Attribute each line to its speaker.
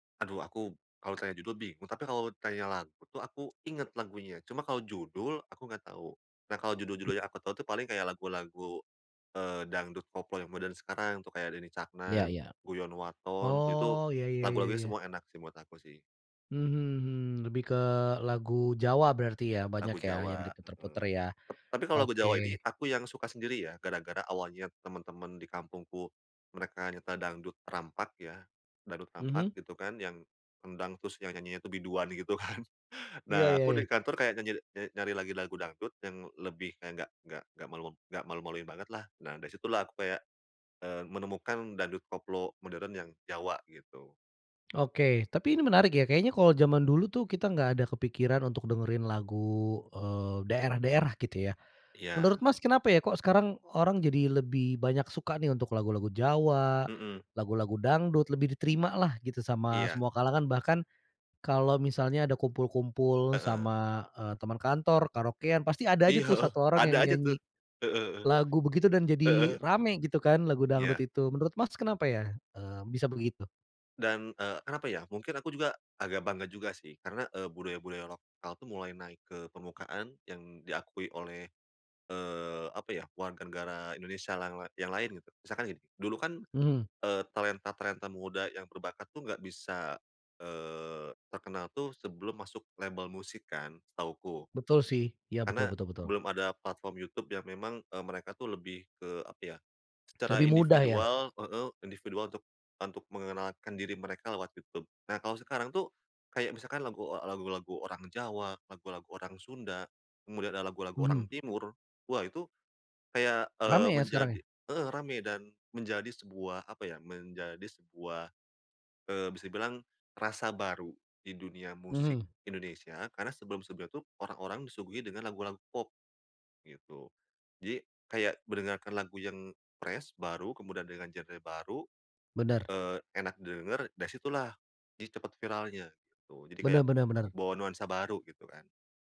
Speaker 1: Aduh aku kalo ditanya judul bingung, tapi kalau ditanya lagu tuh aku inget lagunya, cuma kalau judul aku nggak tau. Nah, kalau
Speaker 2: Hmm.
Speaker 1: judul-judul yang aku tau tuh paling kayak lagu-lagu, eee, dangdut koplo yang modern sekarang tuh kayak Denny
Speaker 2: Ya
Speaker 1: Caknan,
Speaker 2: ya.
Speaker 1: Guyon Waton, tuh itu,
Speaker 2: Oh, ya ya ya
Speaker 1: lagu-lagunya
Speaker 2: ya.
Speaker 1: semua enak sih, menurut aku sih.
Speaker 2: Mmm, hmm hmm. Lebih ke lagu Jawa berarti ya, banyak
Speaker 1: Lagu
Speaker 2: ya, yang
Speaker 1: Jawa, heeh.
Speaker 2: diputer-puter ya?
Speaker 1: Tap tapi kalau lagu
Speaker 2: Oke.
Speaker 1: Jawa ini aku yang suka sendiri ya, gara-gara awalnya temen-temen di kampungku, mereka nyetel dangdut rampak ya, dangdut rampak
Speaker 2: Mhm.
Speaker 1: gitu kan, yang kendang, terus yang nya nyanyinya itu biduan gitu kan.
Speaker 2: Iya
Speaker 1: Nah,
Speaker 2: iya
Speaker 1: aku di
Speaker 2: iya.
Speaker 1: kantor kayak nyanyi nyari lagi lagu dangdut, yang lebih kayak nggak nggak nggak malu-malu nggak malu-maluin banget, lah. Nah, dari situlah aku kayak, eee, menemukan dangdut koplo modern yang Jawa, gitu.
Speaker 2: Oke, tapi ini menarik ya. Kayaknya kalo jaman dulu tuh, kita nggak ada kepikiran untuk dengerin lagu, eee, daerah-daerah gitu ya. Menurut
Speaker 1: Iya.
Speaker 2: Mas, kenapa ya, kok sekarang orang jadi lebih banyak suka nih, untuk lagu-lagu Jawa,
Speaker 1: Mhm.
Speaker 2: lagu-lagu dangdut, lebih diterima lah gitu, sama
Speaker 1: Iya.
Speaker 2: semua kalangan, bahkan kalau misalnya ada kumpul-kumpul
Speaker 1: Heeh.
Speaker 2: sama, eee, teman kantor, karaokean, pasti ada aja
Speaker 1: Iya,
Speaker 2: tuh
Speaker 1: heeh.
Speaker 2: 1 orang
Speaker 1: Ada
Speaker 2: yang
Speaker 1: aja tuh.
Speaker 2: nyanyi
Speaker 1: Heeh heeh.
Speaker 2: lagu begitu, dan
Speaker 1: Heeh.
Speaker 2: jadi rame gitu kan, lagu dangdut
Speaker 1: Iya.
Speaker 2: itu. Menurut Mas, kenapa ya, eee, bisa begitu?
Speaker 1: Dan, eee, kenapa ya, mungkin aku juga agak bangga juga sih, karena, eee, budaya-budaya lokal tuh mulai naik ke permukaan yang diakui oleh, eee, apa ya, warga negara Indonesia yang lai yang lain gitu. Misalkan gini, dulu kan,
Speaker 2: Mhm.
Speaker 1: eee, talenta-talenta muda yang berbakat tuh nggak bisa, eee, terkenal tuh sebelum masuk label musik kan, setahuku.
Speaker 2: Betul sih, ya
Speaker 1: Karena
Speaker 2: betul betul betul.
Speaker 1: belum ada platform YouTube yang memang, eee, mereka tuh lebih ke apa ya, secara
Speaker 2: Lebih mudah ya?
Speaker 1: individual heeh, individual untuk untuk mengenalkan diri mereka lewat YouTube. Nah, kalau sekarang tuh kayak misalkan lagu, eee, lagu-lagu orang Jawa, lagu-lagu orang Sunda, kemudian ada lagu-lagu orang
Speaker 2: Mhm.
Speaker 1: timur, wah itu kayak,
Speaker 2: Rame
Speaker 1: eee,
Speaker 2: ya, sekarang
Speaker 1: menjadi
Speaker 2: ya?
Speaker 1: heeh, ramai dan menjadi sebuah apa ya, menjadi sebuah, eee, bisa dibilang, rasa baru di dunia musik
Speaker 2: Mhm.
Speaker 1: Indonesia, karena sebelum-sebelumnya tuh orang-orang disuguhi dengan lagu-lagu pop, gitu. Jadi kayak mendengarkan lagu yang fresh, baru, kemudian dengan genre baru,
Speaker 2: Bener.
Speaker 1: eee, enak didengar, dari situlah, jadi cepet viralnya gitu, jadi
Speaker 2: Benar
Speaker 1: kayak
Speaker 2: benar benar.
Speaker 1: bawa nuansa baru, gitu kan.